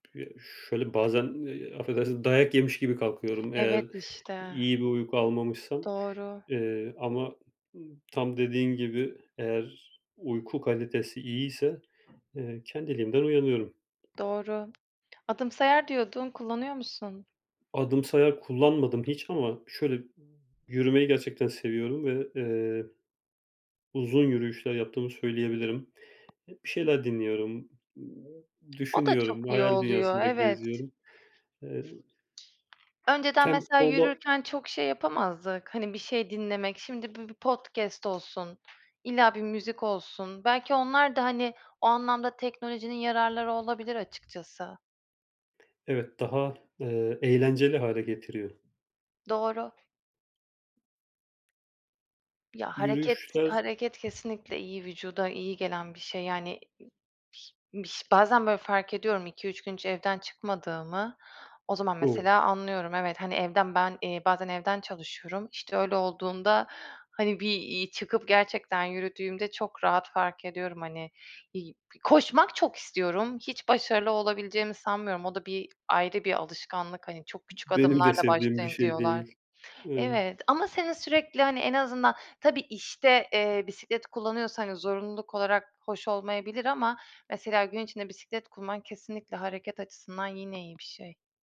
P şöyle bazen, eee, affedersin, dayak yemiş gibi kalkıyorum eğer Evet işte. iyi bir uyku almamışsam. Doğru. Eee, ama, ııı, tam dediğin gibi, eğer uyku kalitesi iyiyse, eee, kendiliğimden uyanıyorum. Doğru. Adımsayar diyordun, kullanıyor musun? Adımsayar kullanmadım hiç ama şöyle, yürümeyi gerçekten seviyorum ve, eee, uzun yürüyüşler yaptığımı söyleyebilirim. E bir şeyler dinliyorum, O da çok düşünüyorum, iyi hayal oluyor, dünyasında evet. geziyorum. Eee Önceden mesela Tempolu yürürken çok şey yapamazdık, hani, bir şey dinlemek. Şimdi bir bir podcast olsun, illa bir müzik olsun. Belki onlar da, hani, o anlamda teknolojinin yararları olabilir açıkçası. Evet, daha, eee, eğlenceli hâle getiriyor. Doğru. Ya, hareket Yürüyüşler hareket kesinlikle iyi, vücuda iyi gelen bir şey. Yani, i biş bazen böyle fark ediyorum 2-3 gün hiç evden çıkmadığımı. O zaman O! mesela anlıyorum. Evet, hani evden ben, eee, bazen evden çalışıyorum. İşte öyle olduğunda, hani, bir, iii, çıkıp gerçekten yürüdüğümde çok rahat fark ediyorum, hani, iii koşmak çok istiyorum. Hiç başarılı olabileceğimi sanmıyorum. O da bir ayrı bir alışkanlık. Hani, "Çok küçük Benim de adımlarla sevdiğim bir başlayın." şey diyorlar. değil. Emm Evet ama senin sürekli, hani, en azından tabii, işte, eee, bisiklet kullanıyorsan yani zorunluluk olarak hoş olmayabilir ama mesela gün içinde bisiklet kullanman kesinlikle hareket açısından yine iyi bir şey.